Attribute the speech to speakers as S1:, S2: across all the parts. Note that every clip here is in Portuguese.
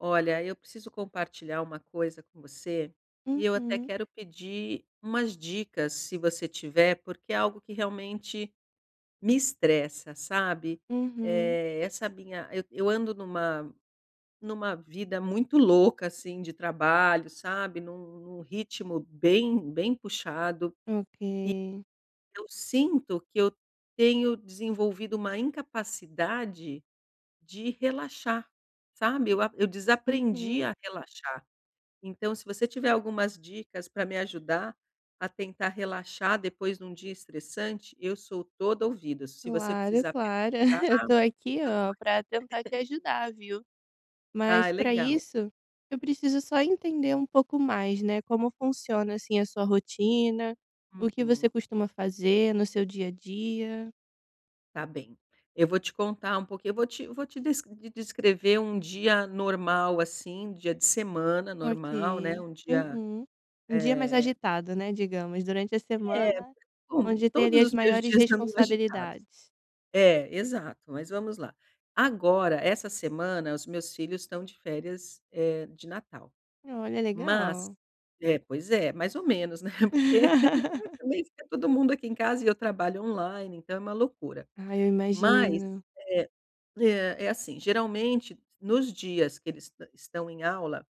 S1: Olha, eu preciso compartilhar uma coisa com você, e eu até
S2: Uhum.
S1: quero pedir umas dicas, se você tiver, porque é algo que realmente me estressa, sabe.
S2: Uhum.
S1: Eh essa minha eu eu ando numa numa vida muito louca assim de trabalho, sabe. Num num ritmo bem, bem puxado.
S2: Ok.
S1: E eu sinto que eu tenho desenvolvido uma incapacidade de relaxar, sabe. Eu ap eu desaprendi
S2: Uhum.
S1: a relaxar. Então, se você tiver algumas dicas pra me ajudar a tentar relaxar depois de um dia estressante, eu sou toda ouvidos, se você
S2: Claro,
S1: precisar
S2: claro.
S1: pensar
S2: Eu tô aqui,
S1: eu tô
S2: oh,
S1: aqui.
S2: pra tentar te ajudar, viu.
S1: Ah,
S2: Mas pra
S1: legal.
S2: isso, eu preciso só entender um pouco mais, né. Como funciona, assim, a sua rotina, o que você
S1: Uhum.
S2: costuma fazer no seu dia a dia?
S1: Tá bem. Eu vou te contar um pouquinho eu vou te vou te des des descrever um dia normal assim, dia de semana normal, né.
S2: Ok.
S1: Um dia,
S2: Uhum. Um dia mais
S1: eh
S2: agitado, né. Digamos, durante a
S1: Eh.
S2: semana
S1: Bom,
S2: onde tem ali
S1: todos
S2: as
S1: os meus
S2: maiores
S1: dias andam agitados.
S2: responsabilidades.
S1: É, exato. Mas vamos lá. Agora, essa semana os meus filhos estão de férias, eh, de natal.
S2: Olha,
S1: Mas
S2: legal.
S1: é, pois é mais ou menos né porque, também fica todo mundo aqui em casa e eu trabalho online, então é uma loucura.
S2: Ai, eu
S1: Mas,
S2: imagino.
S1: eh eh, é assim geralmente nos dias que eles est estão em aula,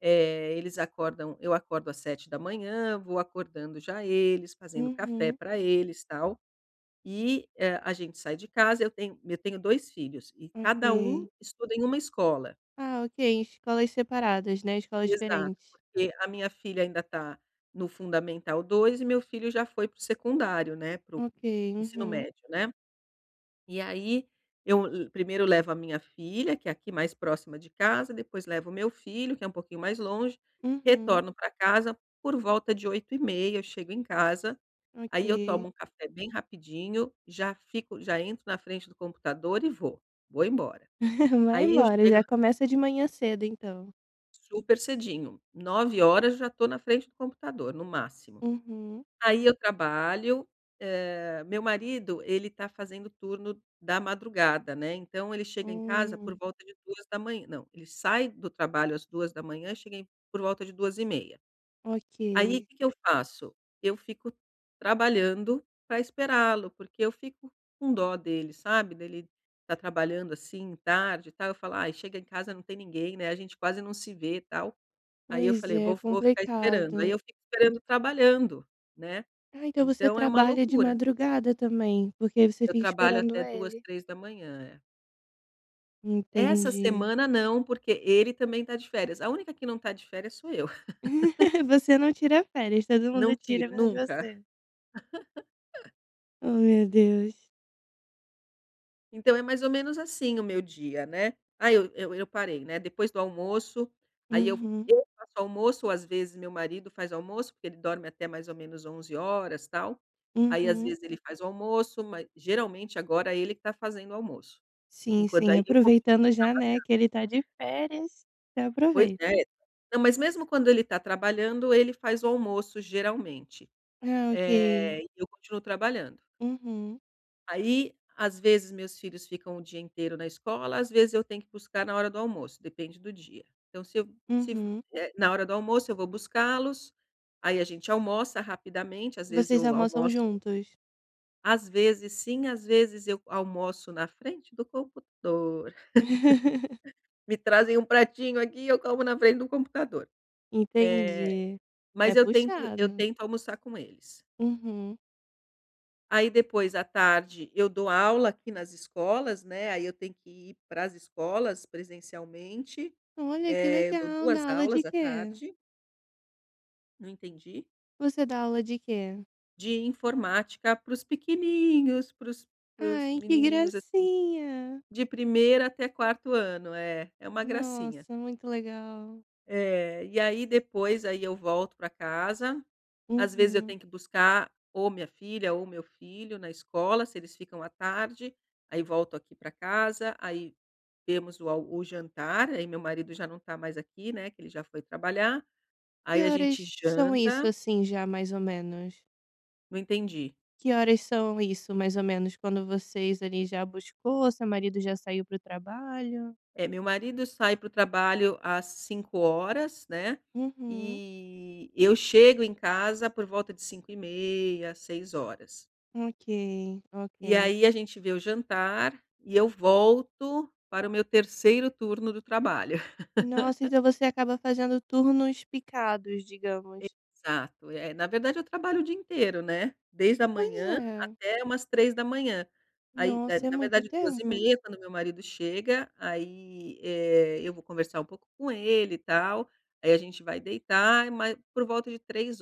S1: eh, eles acordam eu acordo às 07:00, vou acordando já eles, fazendo café
S2: Uhum.
S1: pra eles, tal. E hã, a gente sai de casa eu tenho eu tenho 2 filhos e cada um
S2: Ok.
S1: estuda em uma escola.
S2: Ah, ok. Escolas separadas, né. Escolas
S1: Exato.
S2: diferentes.
S1: Porque a minha filha ainda tá no fundamental 2 e meu filho já foi para o secundário, né. Para o
S2: Ok.
S1: para o ensino
S2: Uhum.
S1: médio, né? E aí, eu le primeiro eu levo a minha filha, que é aqui mais próxima de casa, depois levo o meu filho que é pouquinho mais longe.
S2: Uhum.
S1: Retorno pra casa por volta de 8:30 eu chego em casa, aí eu
S2: Ok.
S1: tomo café bem rapidinho, já fico já entro na frente do computador e vou, vou embora.
S2: Vai
S1: Aí eu
S2: embora,
S1: chego
S2: já começa de manhã cedo, então.
S1: Super cedinho, 9:00 já estou na frente do computador, no máximo.
S2: Uhum.
S1: Aí eu trabalho, eh meu marido, ele tá fazendo turno da madrugada, né. Então, ele chega em casa
S2: Hum.
S1: por volta de 2:00 não ele sai do trabalho às 2:00, e chega por volta de 2:30. Aí, o
S2: Ok.
S1: que que eu faço? Eu fico trabalhando pra esperá-lo, porque eu fico com dó dele, sabe. Dele tá trabalhando assim tarde e tal, eu falo: "Ai chega em casa não tem ninguém né. A gente quase não se vê", tal. Aí eu
S2: Pois
S1: falei:
S2: é,
S1: "Vo vou ficar esperando". Aí
S2: complicado.
S1: eu fico esperando trabalhando, né.
S2: Ah, então você
S1: Então é uma
S2: trabalha de
S1: loucura.
S2: madrugada também, porque você
S1: Eu
S2: fica
S1: trabalho
S2: esperando
S1: até 2:00,
S2: ele.
S1: 3:00. É. Essa
S2: Entendi.
S1: semana não, porque ele também tá de férias. A única que não tá de férias sou eu.
S2: Você não tira férias. Todo
S1: Não
S2: mundo tira
S1: tiro,
S2: menos
S1: nunca.
S2: você. Oh, meu Deus.
S1: Então é mais ou menos assim o meu dia, né? Ah eu eu eu parei, né? Depois do almoço aí eu
S2: Uhum.
S1: eu faço o almoço ou às vezes o meu marido faz o almoço, porque ele dorme até mais ou menos 11h tal, aí às
S2: Uhum.
S1: vezes ele faz o almoço, ma geralmente agora é ele que tá fazendo o almoço.
S2: Sim,
S1: Enquanto
S2: sim.
S1: aí eu continuo
S2: Aproveitando já, né,
S1: trabalhando.
S2: que ele tá de férias. Já
S1: Pois é.
S2: aproveita.
S1: Não, mas mesmo quando ele tá trabalhando, ele faz o almoço geralmente.
S2: Ah, ok.
S1: Eh, e eu continuo trabalhando.
S2: Uhum.
S1: Aí, às vezes, meus filhos ficam o dia inteiro na escola, às vezes eu tenho que buscar na hora do almoço, depende do dia. Então se eu se f
S2: Uhum.
S1: eh, na hora do almoço eu vou buscá-los, aí a gente almoça rapidamente, às vezes
S2: Vocês
S1: eu
S2: almoçam
S1: almoço
S2: juntos?
S1: Às vezes sim, às vezes eu almoço na frente do computador. Me trazem um pratinho aqui e eu como na frente do computador. Eh,
S2: Entendi. É
S1: mas eu tento eu
S2: puxado.
S1: tento almoçar com eles.
S2: Uhum.
S1: Aí depois, à tarde, eu dou aula aqui nas escolas, né, aí eu tenho que ir pras escolas presencialmente.
S2: Olha que
S1: Eh eu dou
S2: legal.
S1: 2
S2: Dá aula de
S1: aulas à
S2: quê?
S1: tarde. Não entendi?
S2: Você dá aula de quê?
S1: De informática para os pequenininhos, pros para os
S2: Ai que
S1: menininhos assim de
S2: gracinha!
S1: de primeiro até quarto ano. É, é uma gracinha.
S2: Nossa, muito legal.
S1: É. E aí depois, aí eu volto pra casa, às vezes eu
S2: Uhum.
S1: tenho que buscar, ou a minha filha ou o meu filho na escola, se eles ficam à tarde, aí volto aqui pra casa, aí temos o al o jantar, aí meu marido já não tá mais aqui, né. Que ele já foi trabalhar,
S2: Que
S1: aí a gente
S2: horas são isso
S1: janta
S2: assim, já, mais ou menos?
S1: Não entendi.
S2: Que horas são isso mais ou menos quando vocês ali já buscou, seu marido já saiu pro trabalho?
S1: Eh meu marido sai pro trabalho às 5h00 né.
S2: Uhum.
S1: E eu chego em casa por volta de 5h30, 6h00.
S2: Ok,
S1: E
S2: ok.
S1: aí a gente vê o jantar e eu volto para o meu terceiro turno do trabalho.
S2: Nossa, então você acaba fazendo turnos picados, digamos.
S1: Exato. Eh, na verdade eu trabalho o dia inteiro, né? Desde a
S2: Pois
S1: manhã,
S2: é.
S1: até umas 3h. Aí, eh,
S2: Nossa, é
S1: na
S2: muito
S1: verdade duas e
S2: tempo.
S1: meia, quando o meu marido chega, aí, eh, eu vou conversar um pouco com ele e tal, aí a gente vai deitar, ma por volta de 3h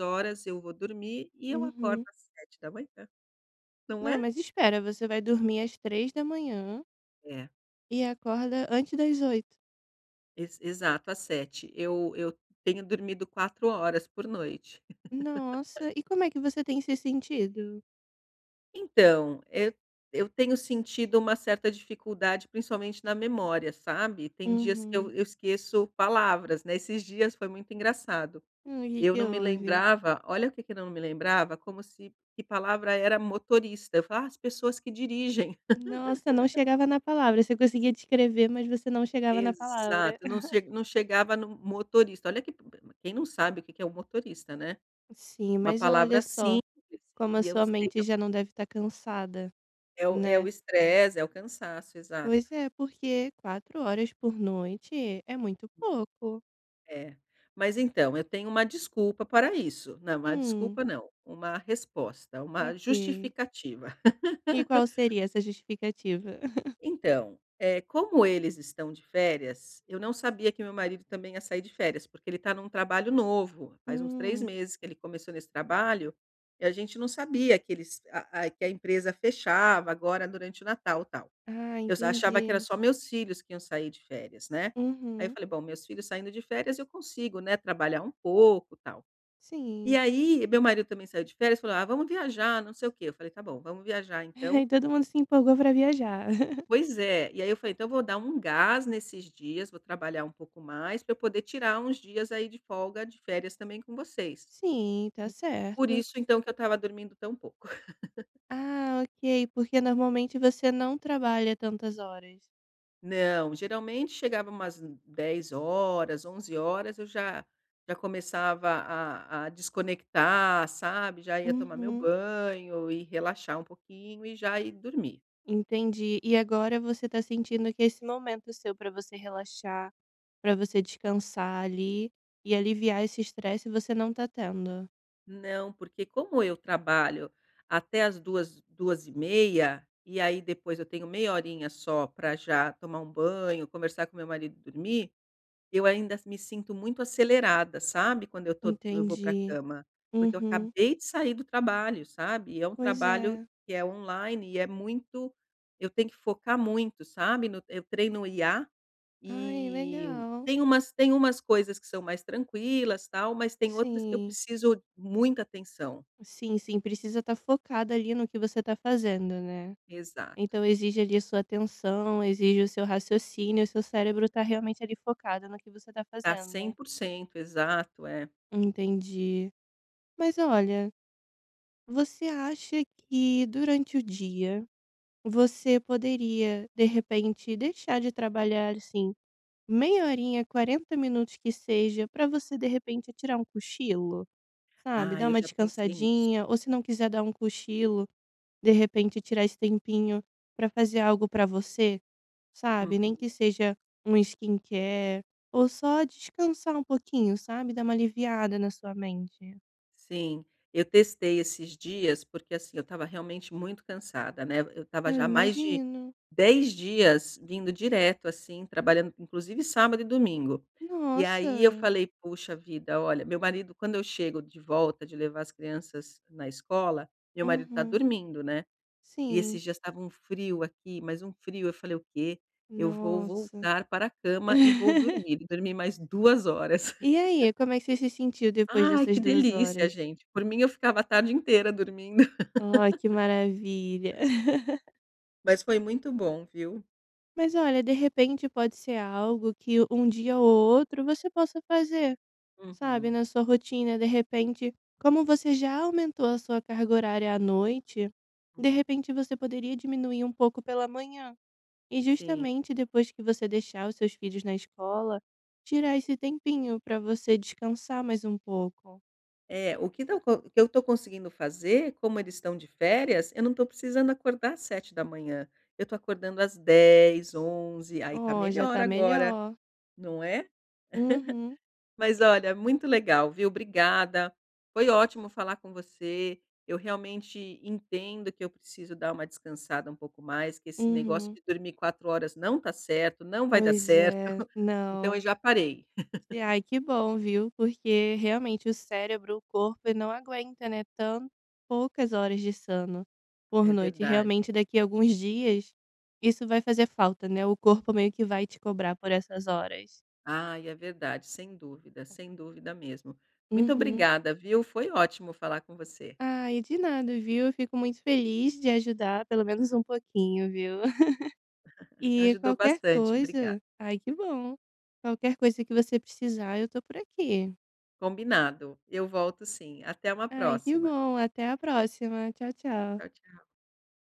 S1: eu vou dormir e eu acordo
S2: Uhum.
S1: às 7h. Não
S2: Não,
S1: é?
S2: mas espera você vai dormir às 3h
S1: É.
S2: e acorda antes das 8h?
S1: Ex exato, às 7h. Eu eu tenho dormido 4h por noite.
S2: Nossa. E como é que você tem se sentido?
S1: Então, eu eu tenho sentido uma certa dificuldade principalmente na memória, sabe? Tem dias que eu
S2: Uhum.
S1: eu esqueço palavras, né? Esses dias foi muito engraçado,
S2: Hum, que
S1: eu
S2: que
S1: não me
S2: houve?
S1: lembrava olha o que que eu não me lembrava, como se que palavra era motorista. Eu falava: "Ah, as pessoas que dirigem".
S2: Nossa, não chegava na palavra. Você conseguia descrever, mas você não chegava na palavra.
S1: Exato, não ch não chegava no motorista. Olha que quem não sabe o que que é um motorista, né?
S2: Sim,
S1: Uma
S2: mas olha
S1: palavra
S2: só
S1: simples
S2: como a
S1: e eu
S2: sua
S1: sei que
S2: mente
S1: é o
S2: já não deve tá cansada,
S1: É o é
S2: né?
S1: o estresse, é o cansaço, exato.
S2: Pois é, porque 4 horas por noite é muito pouco.
S1: É. Mas então, eu tenho uma desculpa para isso. Não, uma
S2: Hum.
S1: desculpa não, uma resposta, uma
S2: Ok.
S1: justificativa.
S2: E qual seria essa justificativa?
S1: Então, eh, como eles estão de férias eu não sabia que o meu marido também ia sair de férias, porque ele tá num trabalho novo. Faz uns 3
S2: Hum.
S1: meses que ele começou nesse trabalho e a gente não sabia que eles ah ah que a empresa fechava agora durante o Natal, tal.
S2: Ah,
S1: Eu s achava que era
S2: entendi.
S1: só meus filhos que iam sair de férias, né? Aí eu
S2: Uhum.
S1: falei: "Bom, meus filhos saindo de férias eu consigo, né? Trabalhar um pouco, tal". E
S2: Sim.
S1: aí, meu marido também saiu de férias falou: "Ah, vamos viajar, não sei o quê", eu falei: "Tá bom, vamos viajar, então."
S2: Aí todo mundo se empolgou pra viajar.
S1: Pois é. E aí eu falei: "Então eu vou dar um gás nesses dias, vou trabalhar um pouco mais pra eu poder tirar uns dias aí de folga, de férias também com vocês."
S2: Sim, tá
S1: Por
S2: certo.
S1: isso, então, que eu tava dormindo tão pouco.
S2: Ah, ok. Por que normalmente você não trabalha tantas horas?
S1: Não. Geralmente, chegava umas n 22:00 horas, 23:00 horas eu já já começava a a desconectar, sabe? Já ia tomar meu
S2: Uhum.
S1: banho e relaxar um pouquinho e já ir dormir.
S2: Entendi. E agora você tá sentindo que esse momento seu para você relaxar, para você descansar ali e aliviar esse estresse, você não tá tendo?
S1: Não, porque como eu trabalho até às 2h, 2:30, e aí depois eu tenho meia horinha só pra já tomar um banho, conversar com o meu marido e dormir, eu ainda me sinto muito acelerada, sabe? Quando eu tô quando eu vou pra
S2: Entendi.
S1: cama, porque eu
S2: Uhum.
S1: acabei de sair do trabalho, sabe? E é um
S2: Pois
S1: trabalho
S2: é.
S1: que é online e é muito eu tenho que focar muito, sabe? No eu treino IA,
S2: Ai,
S1: e
S2: legal.
S1: tem umas tem umas coisas que são mais tranquilas, tal, mas tem outras que eu
S2: Sim.
S1: preciso muita atenção.
S2: Sim, sim. Precisa tá focada ali no que você tá fazendo, né?
S1: Exato.
S2: Então exige ali a sua atenção, exige o seu raciocínio, o seu cérebro tá realmente ali focado no que você tá
S1: Tá cem
S2: fazendo.
S1: por cento, exato, é.
S2: Entendi. Mas olha, você acha que durante o dia você poderia, de repente, deixar de trabalhar, assim, meia horinha, 40 minutos que seja, para você de repente tirar um cochilo, sabe? Dar
S1: Ai, eu
S2: uma
S1: já pensei nisso.
S2: descansadinha ou se não quiser dar um cochilo, de repente, tirar esse tempinho pra fazer algo pra você, sabe? Nem
S1: Uhum.
S2: que seja uma skincare ou só descansar um pouquinho, sabe? Dar uma aliviada na sua mente.
S1: Sim, eu testei esses dias porque, assim, eu tava realmente muito cansada, né. Eu tava
S2: Eu
S1: já há mais de
S2: imagino.
S1: 10 dias vindo direto assim, trabalhando inclusive sábado e domingo. E aí eu
S2: Nossa.
S1: falei: "poxa vida, olha" meu marido, quando eu chego de volta de levar as crianças na escola, meu marido tá
S2: Uhum.
S1: dormindo, né. E
S2: Sim.
S1: esses dias tava um frio aqui, mas um frio, eu falei: "O quê, eu vou
S2: Nossa.
S1: voltar para a cama e vou dormir." Dormi mais 2 horas.
S2: E aí, como é que você se sentiu depois
S1: Ai,
S2: dessas
S1: que
S2: 2h?
S1: delícia gente! Por mim, eu ficava a tarde inteira dormindo.
S2: Ai, que maravilha.
S1: Mas foi muito bom, viu?
S2: Mas olha, de repente pode ser algo que um dia ou outro você possa fazer, sabe,
S1: Uhum.
S2: na sua rotina, de repente como você já aumentou a sua carga horária à noite, de
S1: Uhum.
S2: repente você poderia diminuir um pouco pela manhã e
S1: Sim.
S2: justamente depois que você deixar os seus filhos na escola, tirar esse tempinho pra você descansar mais um pouco.
S1: É, o que tão co o que eu tô conseguindo fazer, como eles estão de férias, eu não tô precisando acordar às 7h. Eu tô acordando às 10, 11, aí tá
S2: Oh, já
S1: melhor
S2: tá
S1: agora
S2: melhor!
S1: não é?
S2: Uhum.
S1: Mas olha, muito legal viu? Obrigada. Foi ótimo falar com você, eu realmente entendo que eu preciso dar uma descansada um pouco mais, que esse negócio
S2: Uhum.
S1: de dormir 4 horas não tá certo, não vai dar
S2: Pois
S1: certo,
S2: é,
S1: então eu
S2: não.
S1: já parei.
S2: E, ai que bom viu, porque realmente o cérebro, o corpo ,ele não aguenta, né, tanto poucas horas de sono por
S1: É
S2: noite.
S1: verdade.
S2: Realmente daqui alguns dias isso vai fazer falta, né, o corpo meio que vai te cobrar por essas horas.
S1: Ai, é verdade, sem dúvida, sem dúvida mesmo. Muito
S2: Uhum.
S1: obrigada, viu? Foi ótimo falar com você.
S2: Ai de nada viu, eu fico muito feliz de ajudar pelo menos pouquinho viu, e
S1: Ajudou
S2: qualquer
S1: bastante, obrigada.
S2: coisa ai que bom, qualquer coisa que você precisar eu tô por aqui.
S1: Combinado, eu volto sim. Até uma
S2: Ai que
S1: próxima.
S2: bom, até a próxima! Tchau, tchau.
S1: Tchau, tchau.